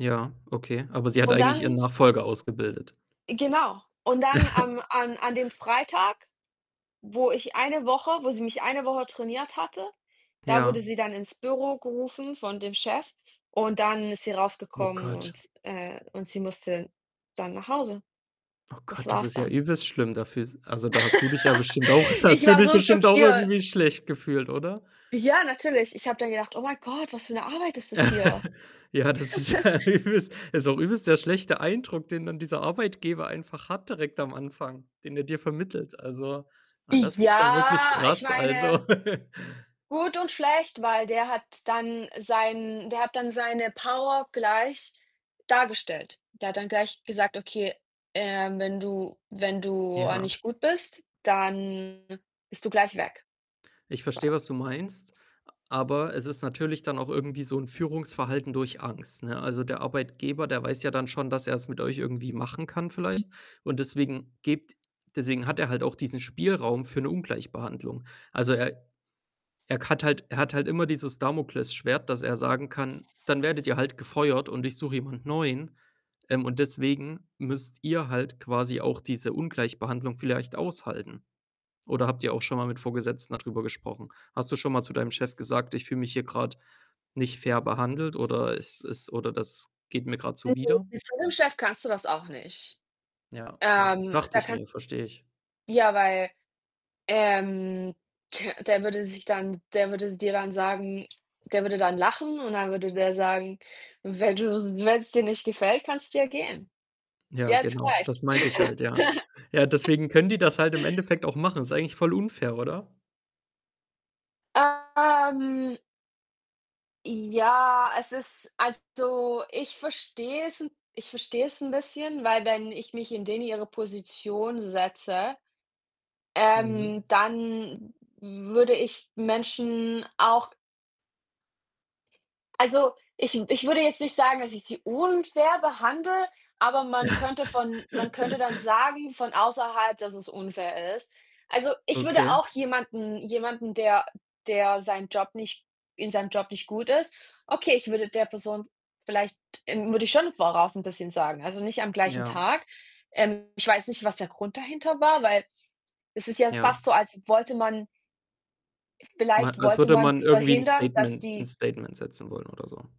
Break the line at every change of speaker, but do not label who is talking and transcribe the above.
Ja, okay. Aber sie hat
Und
eigentlich ihren
dann
Nachfolger ausgebildet.
Genau, und dann am an an dem Freitag, wo ich eine Woche wo sie mich eine Woche trainiert hatte, da wurde
Ja.
sie dann ins Büro gerufen von dem Chef und dann ist sie
Oh
rausgekommen
Gott.
und äh, und sie musste dann nach Hause.
Oh
Das
Gott, das
war's
ist ja
dann.
übelst schlimm. Dafür s also, da hast du dich ja bestimmt auch
Ich
hast du
war
dich
so
bestimmt auch
schockiert.
irgendwie schlecht gefühlt, oder?
Ja, natürlich. Ich habe dann gedacht: „Oh mein Gott, was für 'ne Arbeit ist das hier?"
Ja, das ist ja übelst ist auch übelst der schlechte Eindruck, den dann dieser Arbeitgeber einfach hat direkt am Anfang, den er dir vermittelt. Also, ah, das ist schon wirklich
Ja, ich
krass.
meine
Also
gut und schlecht, weil der hat dann sein der hat dann seine Power gleich dargestellt. Der hat dann gleich gesagt: „Okay, ähm, wenn du wenn du a
Ja.
nicht gut bist, dann bist du gleich weg",
Ich verstehe,
quasi.
was du meinst, a aber es ist natürlich dann auch irgendwie so 'n Führungsverhalten durch Angst, ne? Also, der Arbeitgeber, der weiß ja dann schon, dass er's mit euch irgendwie machen kann vielleicht und deswegen gibt deswegen hat er halt auch diesen Spielraum für 'ne Ungleichbehandlung. Also, er er k hat halt er hat halt immer dieses Damoklesschwert, dass er sagen kann: „Dann werdet ihr halt gefeuert und ich suche jemand neuen.“ Ähm, und deswegen müsst ihr halt quasi auch diese Ungleichbehandlung vielleicht aushalten. Oder habt ihr auch schon mal mit Vorgesetzten dadrüber gesprochen? Hast du schon mal zu deinem Chef gesagt: „ich fühle mich hier grad nicht fair behandelt“, oder es ist oder „das geht mir grad
Also,
zuwider?“
mit so 'nem Chef kannst du das auch nicht.
Ja, verst
Ähm,
dachte
da
ich
kannst
mir, verstehe ich.
ja, weil, ähm, der würde sich dann der würde dir dann sagen der würde dann lachen und dann würde der sagen: „Wenn du's wenn's dir nicht gefällt, kannst du ja gehen.
Ja
Jetzt
genau,
gleich.“
das meinte ich halt, ja. Ja, deswegen können die das halt im Endeffekt auch machen. Ist eigentlich voll unfair, oder?
Ähm ja, es ist also, ich verstehe es 'n ich verstehe es 'n bisschen, weil wenn ich mich in denen ihre Position setze,
Mhm.
ähm, dann würde ich Menschen auch also, ich w ich würde jetzt nicht sagen, dass ich sie unfair behandle, aber man könnte von man könnte dann sagen von außerhalb, dass es unfair ist. Also, ich würde
Okay.
auch jemanden jemanden, der der sein Job nicht in seinem Job nicht gut ist okay, ich würde der Person vielleicht, ähm würde ich schon voraus 'n bisschen sagen. Also, nicht am gleichen
Ja.
Tag. Ähm, ich weiß nicht, was der Grund dahinter war, weil es ist ja
Ja.
fast so, als wollte man
Ma
vielleicht
als
wollte
würde
man
man irgendwie 'n
verhindern, dass
Statement 'n
die
Statement setzen wollen oder so.